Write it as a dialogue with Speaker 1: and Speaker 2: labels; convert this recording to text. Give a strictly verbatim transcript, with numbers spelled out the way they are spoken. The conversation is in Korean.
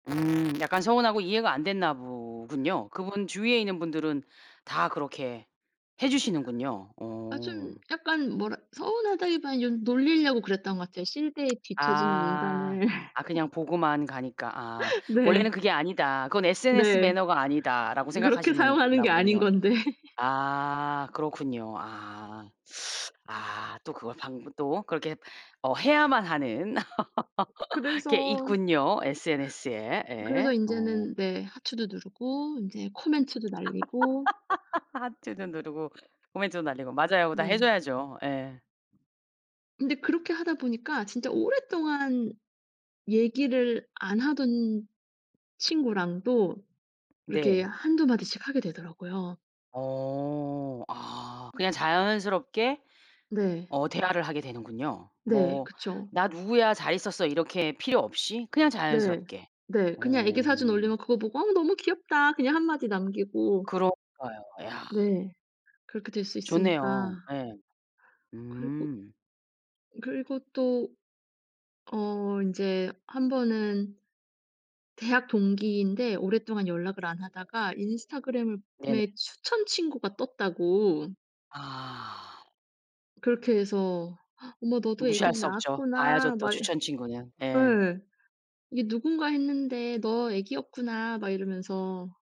Speaker 1: 음 약간 서운하고 이해가 안 됐나 보군요. 그분 주위에 있는 분들은 다 그렇게 해주시는군요.
Speaker 2: 아 좀
Speaker 1: 오.
Speaker 2: 약간 뭐라 서운하다기발윤 놀리려고 그랬던 것 같아요. 시대에 뒤처지는
Speaker 1: 아.
Speaker 2: 인간을
Speaker 1: 아 그냥 보고만 가니까. 아. '원래는
Speaker 2: 네.
Speaker 1: 그게 아니다. 그건 SNS
Speaker 2: 네.
Speaker 1: 매너가 아니다.'라고
Speaker 2: 그렇게
Speaker 1: 생각하시는
Speaker 2: 사용하는
Speaker 1: 나
Speaker 2: 게 아닌
Speaker 1: 보군요.
Speaker 2: 건데.
Speaker 1: 아 그렇군요. 아. 아 또 그걸 방문 또 그렇게 어 해야만 하는 게
Speaker 2: 그래서
Speaker 1: 있군요, SNS에. 예.
Speaker 2: 그래서
Speaker 1: 어.
Speaker 2: 인제는 네 하트도 누르고 인제 코멘트도 날리고
Speaker 1: 하트도 누르고 코멘트도 날리고. 맞아요. 그거 다 해
Speaker 2: 네.
Speaker 1: 줘야죠. 예.
Speaker 2: 근데 그렇게 하다 보니까 진짜 오랫동안 얘기를 안 하던 친구랑도 이렇게
Speaker 1: 네.
Speaker 2: 한두 마디씩 하게 되더라고요.
Speaker 1: 어. 아 그냥 자연스럽게
Speaker 2: 네.
Speaker 1: 어 대화를 하게 되는군요.
Speaker 2: 네.
Speaker 1: 뭐
Speaker 2: 그쵸.
Speaker 1: "나 누구야. 잘 있었어?" 이렇게 필요 없이 그냥
Speaker 2: 네.
Speaker 1: 자연스럽게.
Speaker 2: 네. 그냥 애기 사진
Speaker 1: 어.
Speaker 2: 올리면 그거 보고 "어 너무 귀엽다." 그냥 한 마디 남기고
Speaker 1: 그러니까요. 야.
Speaker 2: 네. 그렇게 될 수 있으니까.
Speaker 1: 좋네요. 예.
Speaker 2: 그리고
Speaker 1: 음.
Speaker 2: 그리고 또 어 인제 한번은 대학 동기인데 오랫동안 연락을 안 하다가 인스타그램을
Speaker 1: 네네.
Speaker 2: 메 추천 친구가 떴다고
Speaker 1: 아.
Speaker 2: 그렇게 해서 "어머 너도
Speaker 1: 무시할
Speaker 2: 애기를
Speaker 1: 수 없죠. 봐야죠
Speaker 2: 낳았구나."
Speaker 1: 또,
Speaker 2: 막 예
Speaker 1: 추천 친구는. 예.
Speaker 2: "이게 누군가 했는데 너 애기였구나." 막 이러면서